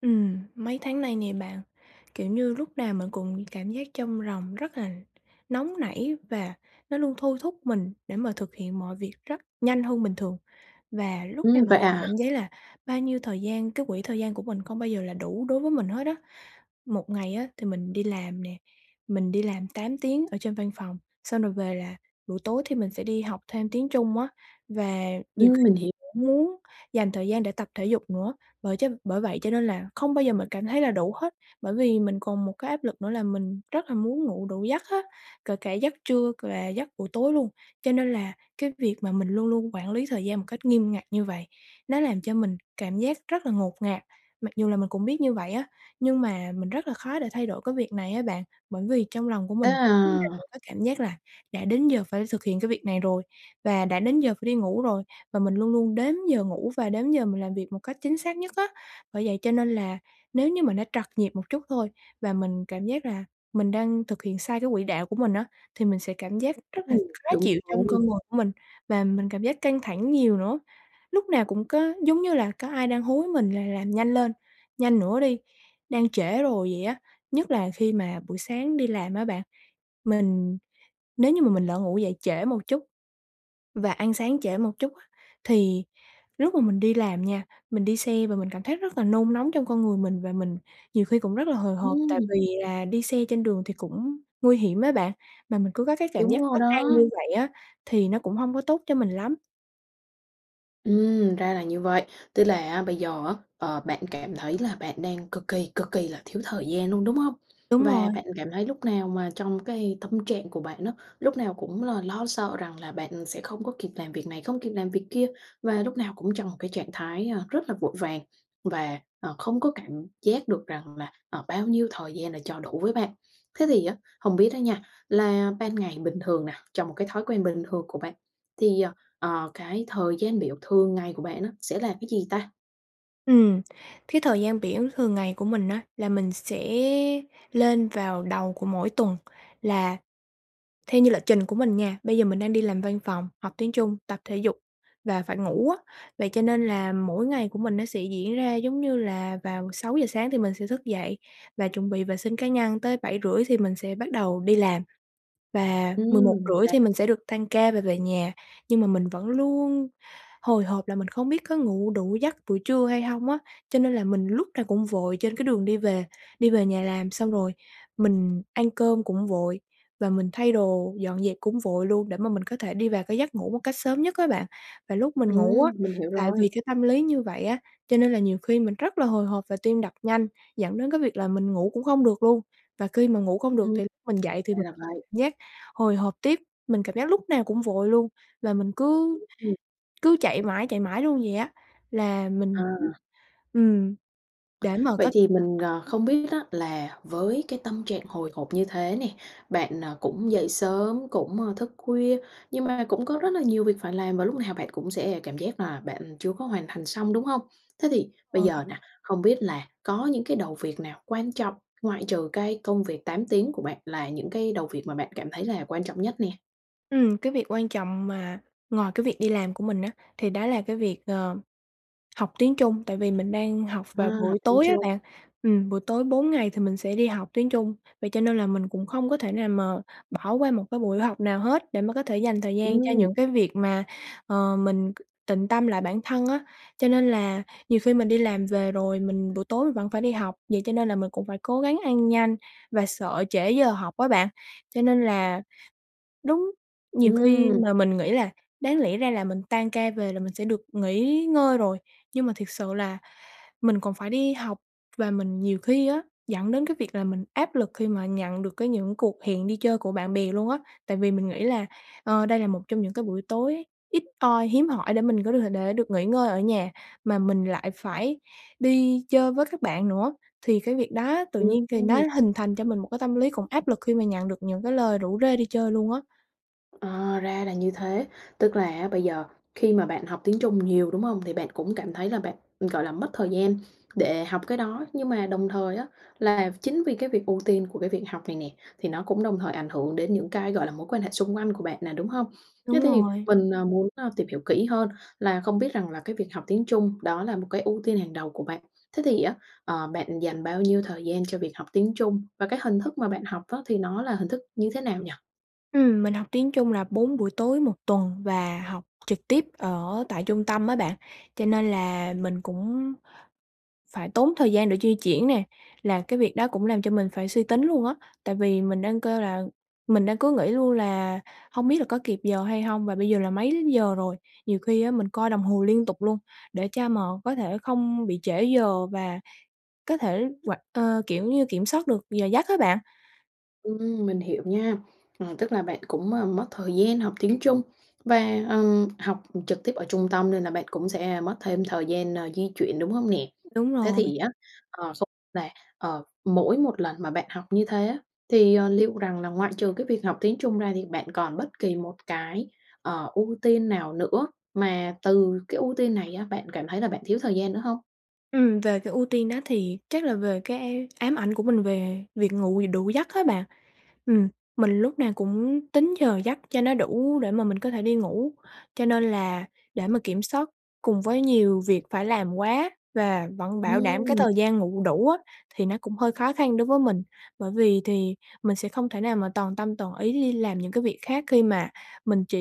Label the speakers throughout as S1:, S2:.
S1: Ừm, mấy tháng nay nè bạn, kiểu như lúc nào mình cũng cảm giác trong ròng rất là nóng nảy và nó luôn thôi thúc mình để mà thực hiện mọi việc rất nhanh hơn bình thường, và lúc nào
S2: Ừm,
S1: mình
S2: vậy
S1: cũng
S2: à?
S1: cảm giác là bao nhiêu thời gian cái quỹ thời gian của mình không bao giờ là đủ đối với mình hết á. Một ngày á thì mình đi làm nè, mình đi làm 8 tiếng ở trên văn phòng, xong rồi về là buổi tối thì mình sẽ đi học thêm tiếng Trung á, và nhiều khi
S2: Ừm, mình hỉ
S1: [unintelligible] muốn dành thời gian để tập thể dục nữa, bởi chân bởi vậy cho nên là không bao giờ mình cảm thấy là đủ hết. Bởi vì mình còn một cái áp lực nữa là mình rất là muốn ngủ đủ giấc á, kể cả giấc trưa c và giấc buổi tối luôn, cho nên là cái việc mà mình luôn luôn quản lý thời gian một cách nghiêm ngặt như vậy, nó làm cho mình cảm giác rất là ngột ngạt. Mặc dù là mình cũng biết như vậy á, nhưng mà mình rất là khó để thay đổi cái việc này á bạn, bởi vì trong lòng của
S2: Thế
S1: mình lúc nào cũng
S2: à?
S1: có cảm giác là đã đến giờ phải thực hiện cái việc này rồi và đã đến giờ phải đi ngủ rồi, và mình luôn luôn đếm giờ ngủ và đếm giờ mình làm việc một cách chính xác nhất á. Bởi vậy cho nên là nếu như mình đã trật nhịp một chút thôi và mình cảm giác là mình đang thực hiện sai cái quỹ đạo của mình á, thì mình sẽ cảm giác rất là
S2: Ừm,
S1: khó
S2: đúng
S1: chịu trong con
S2: [unintelligible]
S1: người của mình và mình cảm giác căng thẳng nhiều nữa. Lúc nào cũng có giống như là có ai đang hối mình là làm nhanh lên, nhanh nữa đi, đang trễ rồi vậy á, nhất là khi mà buổi sáng đi làm á bạn. Mình nếu như mà mình lỡ ngủ dậy trễ một chút và ăn sáng trễ một chút, thì lúc mà mình đi làm nha, mình đi xe và mình cảm thấy rất là nôn nóng trong con người mình và mình nhiều khi còn rất là hồi hộp, tại
S2: Ừm.
S1: vì là đi xe trên đường thì cũng nguy hiểm á bạn, mà mình cứ có cái cảm
S2: Đúng
S1: giác
S2: rồi
S1: bất an
S2: đó.
S1: như vậy á, thì nó cũng hông có tốt cho mình lắm.
S2: Ừm, ra là như vậy. Tức là á bây giờ á, ờ, bạn cảm thấy là bạn đang cực kỳ, cực kỳ là thiếu thời gian luôn, đúng hông?
S1: Đúng
S2: Và
S1: rồi.
S2: bạn cảm thấy lúc nào mà trong cái tâm trạng của bạn á, lúc nào cũng là lo sợ rằng là bạn sẽ không có kịp làm việc này, không kịp làm việc kia, và lúc nào cũng trong một cái trạng thái, à, rất là vội vàng và, ờ, không có cảm giác được rằng là, ờ, bao nhiêu thời gian là cho đủ với bạn. Thế thì á hông biết đó nha, là ban ngày bình thường nè, cho một cái thói quen bình thường của bạn thì, ờ, ờ, cái thời gian biểu thường ngày của bạn á sẽ là cái gì ta?
S1: Ừm, thấy thời gian biểu thường ngày của mình á là mình sẽ lên vào đầu của mỗi tuần, là theo như lịch trình của mình nha, bây giờ mình đang đi làm văn phòng, học tiếng Trung, tập thể dục và phải ngủ á. Vậy cho nên là mỗi ngày của mình nó sẽ diễn ra giống như là vào 6:00 sáng thì mình sẽ thức dậy và chuẩn bị vệ sinh cá nhân, tới 7:30 thì mình sẽ bắt đầu đi làm, và mười một
S2: Ừm, thì
S1: rưỡi
S2: ra
S1: thì mình sẽ được tan ca và về nhà. Nhưng mà mình vẫn luôn hồi hộp là mình không biết có ngủ đủ giấc buổi trưa hay hông á, cho nên là mình lúc nào cũng vội trên cái đường đi về đi về nhà làm xong rồi mình ăn cơm cũng vội, và mình thay đồ dọn dẹp cũng vội luôn để mà mình có thể đi vào cái giấc ngủ một cách sớm nhất á bạn. Và lúc mình ngủ á,
S2: Ừm, mình hiểu
S1: tại
S2: rồi.
S1: vì cái tâm lý như vậy á, cho nên là nhiều khi mình rất là hồi hộp và tim đập nhanh dẫn đến cái việc là mình ngủ cũng không được luôn, và khi mà ngủ không được
S2: Ừm,
S1: thì lúc mình dậy thì
S2: ra
S1: mình
S2: là vậy.
S1: giác hồi hộp tiếp, mình cảm giác lúc nào cũng vội luôn và mình cứ
S2: [unintelligible] Ừm.
S1: cứ chạy mãi, chạy mãi luôn vậy á, là mình [unintelligible]
S2: À.
S1: ừm, để mà
S2: Vậy
S1: có
S2: thì mình, ờ,
S1: [unintelligible]
S2: không biết á là với cái tâm trạng hồi hộp như thế nè, bạn, ờ, cũng dậy sớm cũng thức khuya, nhưng mà cũng có rất là nhiều việc phải làm và lúc nào bạn cũng sẽ cảm giác là bạn chưa có hoàn thành xong, đúng hông? Thế thì bây
S1: [unintelligible]
S2: giờ nè, hông biết là có những cái đầu việc nào quan trọng ngoại trừ cái công việc 8 tiếng của bạn là những cái đầu việc mà bạn cảm thấy là quan trọng nhất nè?
S1: Ừm, cái việc quan trọng mà ngoài cái việc đi làm của mình á, thì đó là cái việc, ờ, học tiếng Trung tại vì mình đang học
S2: À,
S1: vào buổi
S2: học tiếng
S1: tối á
S2: Trung.
S1: bạn. Ừm, buổi tối 4 ngày thì mình sẽ đi học tiếng Trung. Vậy cho nên là mình cũng không có thể nào mà bỏ qua một cái buổi học nào hết để mà có thể dành thời gian cho
S2: Ừm.
S1: những cái việc mà, ờ, mình c tịnh tâm lại bản thân á. Cho nên là nhiều khi mình đi làm về rồi mình buổi tối mình vẫn phải đi học. Vậy cho nên là mình cũng phải cố gắng ăn nhanh và sợ trễ giờ học á bạn. Cho nên là đúng, nhiều khi
S2: Ừm.
S1: mà mình nghĩ là đáng lẽ ra là mình tan ca về là mình sẽ được nghỉ ngơi rồi. Nhưng mà thiệt sự là mình còn phải đi học và mình nhiều khi á, dẫn đến cái việc là mình áp lực khi mà nhận được cái những cuộc hẹn đi chơi của bạn bè luôn á. Tại vì mình nghĩ là, ờ, đây là một trong những cái buổi tối ít oi, hiếm hỏi để mình có được để được nghỉ ngơi ở nhà mà mình lại phải đi chơi với các bạn nữa. Thì cái việc đó tự nhiên thì nó
S2: Ừm.
S1: hình thành cho mình một cái tâm lý cũng áp lực khi mà nhận được những cái lời rủ rê đi chơi luôn á.
S2: Ờ, ra là như thế, tức là á, bây giờ khi mà bạn học tiếng Trung nhiều, đúng hông? Thì bạn cũng cảm thấy là bạn, gọi là, mất thời gian để học cái đó. Nhưng mà đồng thời á, là chính vì cái việc ưu tiên của cái việc học này nè, thì nó cũng đồng thời ảnh hưởng đến những cái, gọi là, mối quan hệ xung quanh của bạn nè, đúng hông?
S1: Đúng
S2: Thế thì
S1: rồi.
S2: mình muốn á, tìm hiểu kỹ hơn là không biết rằng là cái việc học tiếng Trung đó là một cái ưu tiên hàng đầu của bạn. Thế thì á, ờ, bạn dành bao nhiêu thời gian cho việc học tiếng Trung và cái hình thức mà bạn học á, thì nó là hình thức như thế nào nhỉ?
S1: Ừm, mình học tiếng Trung là 4 buổi tối một tuần, và học trực tiếp ở tại trung tâm á bạn. Cho nên là mình cũng phải tốn thời gian để di chuyển nè, là cái việc đó cũng làm cho mình phải suy tính luôn á, tại vì mình đang kêu là mình đang cứ nghĩ luôn là hông biết là có kịp giờ hay hông? Và bây giờ là mấy giờ rồi? Nhiều khi á mình coi đồng hồ liên tục luôn, để cho mà có thể không bị trễ giờ, và có thể hoạt ờ, kiểu như, kiểm soát được giờ giấc á bạn.
S2: Ừm, mình hiểu nha, ờ, tức là bạn cũng, ờ, mất thời gian học tiếng Trung và, ờ, học trực tiếp ở trung tâm nên là bạn cũng sẽ mất thêm thời gian, ờ, di chuyển, đúng hông nè?
S1: Đúng
S2: Thế
S1: rồi.
S2: thì á, ờ, không là, ờ, mỗi một lần mà bạn học như thế á thì, ờ, liệu rằng là ngoại trừ cái việc học tiếng Trung ra thì bạn còn bất kỳ một cái, ờ, ưu tiên nào nữa mà từ cái ưu tiên này á bạn cảm thấy là bạn thiếu thời gian nữa hông?
S1: Ừm, về cái ưu tiên đó thì chắc là về cái ám ảnh của mình về việc ngủ đủ giấc á bạn, ừm, mình lúc nào cũng tính giờ giấc cho nó đủ để mà mình có thể đi ngủ. Cho nên là để mà kiểm soát cùng với nhiều việc phải làm quá và vẫn bảo đảm cái
S2: Ừm.
S1: thời gian ngủ đủ á, thì nó cũng hơi khó khăn đối với mình. Bởi vì thì mình sẽ không thể nào mà toàn tâm toàn ý đi làm những cái việc khác, khi mà mình chỉ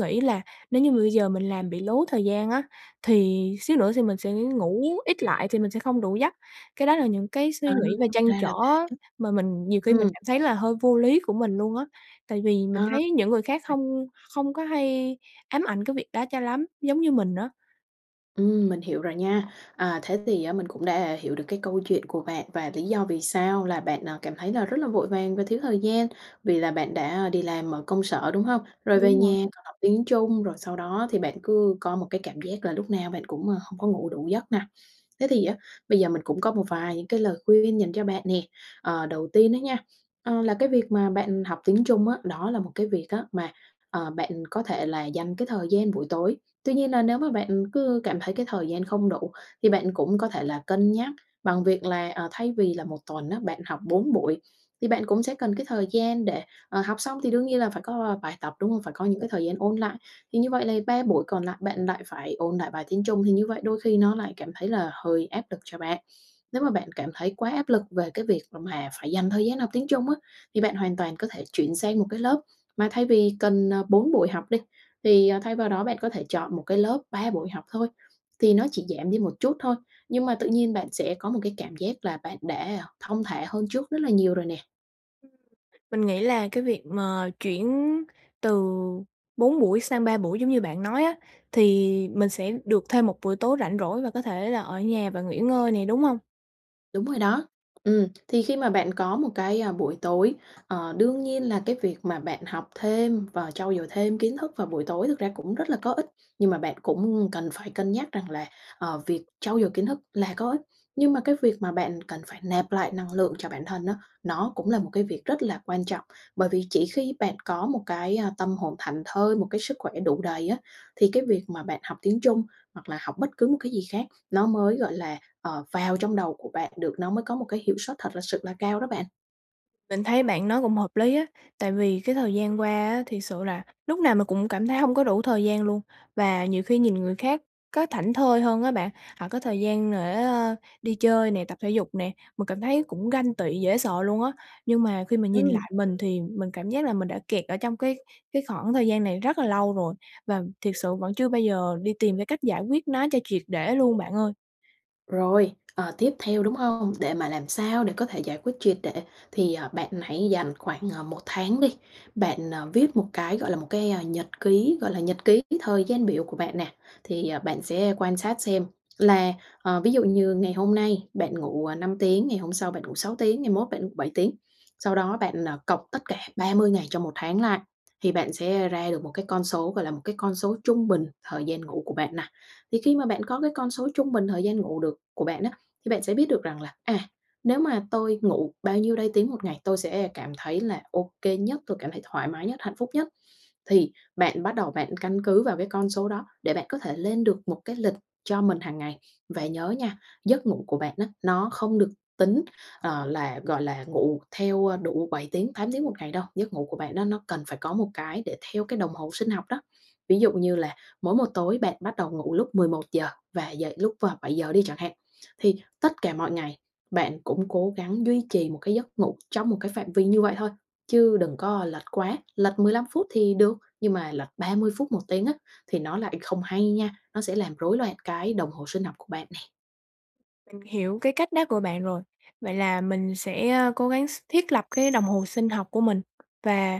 S1: nghĩ là nếu như mà bây giờ mình làm bị lố thời gian á thì xíu nữa thì mình sẽ ngủ ít lại, thì mình sẽ không đủ giấc. Cái đó là những cái suy
S2: Ờ,
S1: nghĩ và trăn
S2: ra
S1: trở
S2: là
S1: á
S2: bạn
S1: mà mình nhiều khi mình
S2: ừm.
S1: cảm thấy là hơi vô lý của mình luôn á, tại vì mình
S2: Ờ.
S1: thấy những người khác
S2: [unintelligible]
S1: không không có hay ám ảnh cái việc đó cho lắm, giống như mình á.
S2: Ừm, mình hiểu rồi nha. À, thế thì á, mình cũng đã hiểu được cái câu chuyện của bạn và lý do vì sao là bạn, à, cảm thấy là rất là vội vàng và thiếu thời gian vì là bạn đã đi làm ở công sở, đúng hông? Rồi về
S1: Đúng rồi.
S2: nha, còn học tiếng Trung rồi sau đó thì bạn cứ có một cái cảm giác là lúc nào bạn cũng, à, hông có ngủ đủ giấc nà. Thế thì á, bây giờ mình cũng có một vài những cái lời khuyên dành cho bạn nè. Ờ, đầu tiên á nha, ờ, là cái việc mà bạn học tiếng Trung á, đó là một cái việc á mà, ờ, bạn có thể là dành cái thời gian buổi tối. Tuy nhiên là nếu mà bạn cứ cảm thấy cái thời gian không đủ thì bạn cũng có thể là cân nhắc bằng việc là, à, thay vì là một tuần á, bạn học 4 buổi thì bạn cũng sẽ cần cái thời gian để, ờ, học xong thì đương nhiên là phải có, ờ, bài tập, đúng hông? Phải có những cái thời gian ôn lại. Thì như vậy là 3 buổi còn lại bạn lại phải ôn lại bài tiếng Trung, thì như vậy đôi khi nó lại cảm thấy là hơi áp lực cho bạn. Nếu mà bạn cảm thấy quá áp lực về cái việc là mà phải dành thời gian học tiếng Trung á, thì bạn hoàn toàn có thể chuyển sang một cái lớp mà thay vì cần, ờ, 4 buổi học đi, thì, à, thay vào đó bạn có thể chọn một cái lớp 3 buổi học thôi. Thì nó chỉ giảm đi một chút thôi, nhưng mà tự nhiên bạn sẽ có một cái cảm giác là bạn đã thong thả hơn trước rất là nhiều rồi nè.
S1: Ừm, mình nghĩ là cái việc mà chuyển từ 4 buổi sang 3 buổi giống như bạn nói á, thì mình sẽ được thêm một buổi tối rảnh rỗi và có thể là ở nhà và nghỉ ngơi nè, đúng hông?
S2: Đúng rồi đó. Ừm, thì khi mà bạn có một cái, à, buổi tối, ờ, đương nhiên là cái việc mà bạn học thêm và trau dồi thêm kiến thức vào buổi tối thực ra cũng rất là có ích. Nhưng mà bạn cũng cần phải cân nhắc rằng là, ờ, việc trau dồi kiến thức là có ích. Nhưng mà cái việc mà bạn cần phải nạp lại năng lượng cho bản thân á, nó cũng là một cái việc rất là quan trọng. Bởi vì chỉ khi bạn có một cái, à, tâm hồn thảnh thơi, một cái sức khỏe đủ đầy á, thì cái việc mà bạn học tiếng Trung hoặc là học bất cứ một cái gì khác nó mới, gọi là, ờ, vào trong đầu của bạn được, nó mới có một cái hiệu suất thật là sự là cao đó bạn.
S1: Mình thấy bạn nói cũng hợp lý á, tại vì cái thời gian qua á thiệt sự là lúc nào mình cũng cảm thấy hông có đủ thời gian luôn và nhiều khi nhìn người khác có thảnh thơi hơn á bạn, họ có thời gian để, à, đi chơi nè, tập thể dục nè, mình cảm thấy cũng ganh tị dễ sợ luôn á. Nhưng mà khi mình nhìn
S2: Ừm.
S1: lại mình thì mình cảm giác là mình đã kẹt ở trong cái cái khoảng thời gian này rất là lâu rồi và thiệt sự vẫn chưa bao giờ đi tìm cái cách giải quyết nó cho triệt để luôn bạn ơi.
S2: Rồi, ờ, tiếp theo, đúng hông? Để mà làm sao để có thể giải quyết triệt để, thì, ờ, bạn hãy dành khoảng, ờ, 1 tháng đi, bạn, ờ, viết một cái, gọi là, một cái, ơ, nhật ký gọi là nhật ký thời gian biểu của bạn nè. Thì, ờ, bạn sẽ quan sát xem là, ờ, ví dụ như ngày hôm nay bạn ngủ, ờ, 5 tiếng, ngày hôm sau bạn ngủ 6 tiếng, ngày mốt bạn 7 tiếng. Sau đó bạn, ờ, cộng tất cả 30 ngày trong một tháng lại, thì bạn sẽ ra được một cái con số, gọi là, một cái con số trung bình thời gian ngủ của bạn nà. Thì khi mà bạn có cái con số trung bình thời gian ngủ được của bạn á, thì bạn sẽ biết được rằng là, à, nếu mà tôi ngủ bao nhiêu đây tiếng một ngày tôi sẽ cảm thấy là ô kê nhất, tôi cảm thấy thoải mái nhất, hạnh phúc nhất. Thì bạn bắt đầu bạn căn cứ vào cái con số đó để bạn có thể lên được một cái lịch cho mình hàng ngày. Và nhớ nha, giấc ngủ của bạn á, nó không được tính, ờ, là, gọi là, ngủ theo, ơ, đủ 7 tiếng, 8 tiếng một ngày đâu, giấc ngủ của bạn nó nó cần phải có một cái để theo cái đồng hồ sinh học đó. Ví dụ như là mỗi một tối bạn bắt đầu ngủ lúc 11:00 và dậy lúc, ơ, 7:00 đi chẳng hạn, thì tất cả mọi ngày, bạn cũng cố gắng duy trì một cái giấc ngủ trong một cái phạm vi như vậy thôi, chứ đừng có lệch quá, lệch 15 phút thì được, nhưng mà lệch 30 phút, một tiếng á, thì nó lại không hay nha, nó sẽ làm rối loạn cái đồng hồ sinh học của bạn nè.
S1: Mình hiểu cái cách đó của bạn rồi. Vậy là mình sẽ, à, cố gắng s thiết lập cái đồng hồ sinh học của mình và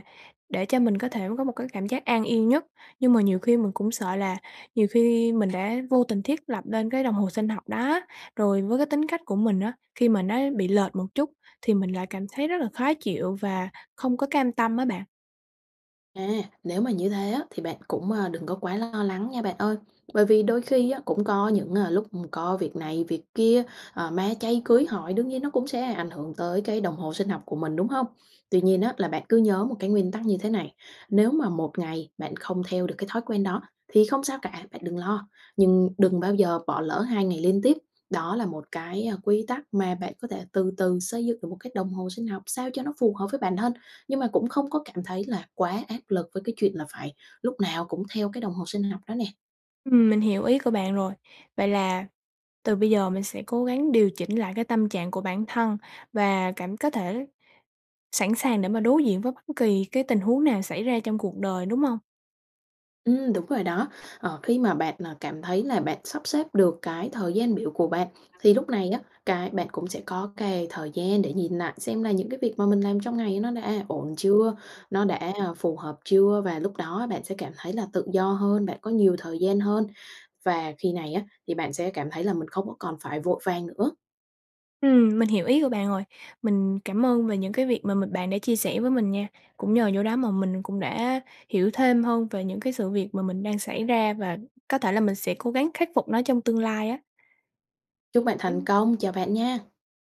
S1: để cho mình có thể có một cái cảm giác an yên nhất. Nhưng mà nhiều khi mình cũng sợ là nhiều khi mình đã vô tình thiết lập nên cái đồng hồ sinh học đó á, rồi với cái tính cách của mình á, khi mà nó bị lệch một chút thì mình lại cảm thấy rất là khó chịu và không có cam tâm á bạn.
S2: À, nếu mà như thế á, thì bạn cũng, ờ, đừng có quá lo lắng nha, bạn ơi! Bởi vì đôi khi á, cũng có những, ờ, lúc có việc này việc kia, à, ma chay cưới hỏi, đương nhiên nó cũng sẽ ảnh hưởng tới cái đồng hồ sinh học của mình, đúng hông? Tuy nhiên á, là bạn cứ nhớ một cái nguyên tắc như thế này, nếu mà 1 ngày bạn không theo được cái thói quen đó thì không sao cả, bạn đừng lo! Nhưng đừng bao giờ bỏ lỡ 2 ngày liên tiếp. Đó là một cái quy tắc mà bạn có thể từ từ xây dựng được một cái đồng hồ sinh học sao cho nó phù hợp với bản thân. Nhưng mà cũng không có cảm thấy là quá áp lực với cái chuyện là phải lúc nào cũng theo cái đồng hồ sinh học đó nè.
S1: Ừm, mình hiểu ý của bạn rồi. Vậy là từ bây giờ mình sẽ cố gắng điều chỉnh lại cái tâm trạng của bản thân và cảm có thể sẵn sàng để mà đối diện với bất kỳ cái tình huống nào xảy ra trong cuộc đời, đúng hông?
S2: Ừm, đúng rồi đó. Ờ, khi mà bạn, ờ, cảm thấy là bạn sắp xếp được cái thời gian biểu của bạn thì lúc này á, cái bạn cũng sẽ có cái thời gian để nhìn lại xem là những cái việc mà mình làm trong ngày nó đã ổn chưa, nó đã phù hợp chưa. Và lúc đó bạn sẽ cảm thấy là tự do hơn, bạn có nhiều thời gian hơn. Và khi này á, thì bạn sẽ cảm thấy là mình không có còn phải vội vàng nữa.
S1: Ừm, mình hiểu ý của bạn rồi. Mình cảm ơn về những cái việc mà mình bạn đã chia sẻ với mình nha. Cũng nhờ vô đó mà mình cũng đã hiểu thêm hơn về những cái sự việc mà mình đang xảy ra và có thể là mình sẽ cố gắng khắc phục nó trong tương lai á.
S2: Chúc bạn thành công, chào bạn nha!